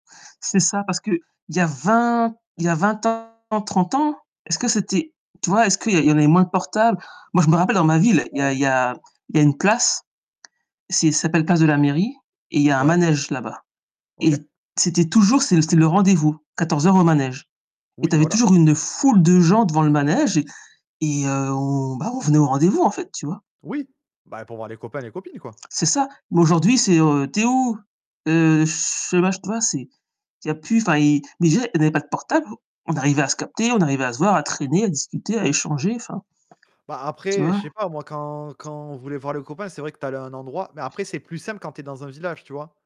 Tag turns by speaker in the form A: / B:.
A: C'est ça parce que il y a 20 il y a 20 ans, 30 ans, est-ce que c'était tu vois, est-ce qu'il y en il y en avait moins de portables? Moi je me rappelle dans ma ville, il y a il
B: Ouais.
A: y a il y a une place, c'est ça s'appelle place de la mairie et il y a un
B: Ouais.
A: manège là-bas et
B: OK.
A: c'était toujours c'est l c'est le rendez-vous, 14:00 au manège, et tu
B: Oui,
A: avais
B: voilà.
A: toujours une foule de gens devant le manège et et heu, on bah, on venait au rendez-vous en fait, tu vois?
B: Oui, bah pour voir les copains et les copines, quoi.
A: C'est ça, mais aujourd'hui, c'est, heu, «Tu es où?» heu, je mach tu vois, c'est il y a plus, enfin, il mais déjà, on n'avait pas de portable, on arrivait à se capter, on arrivait à se voir, à traîner, à discuter, à échanger, enfin,
B: Bah,
A: tu
B: après je
A: vois?
B: sais pas moi, quand quand on voulait voir les copains, c'est vrai que tu allais à un endroit, mais après c'est plus simple quand tu es dans un village, tu vois?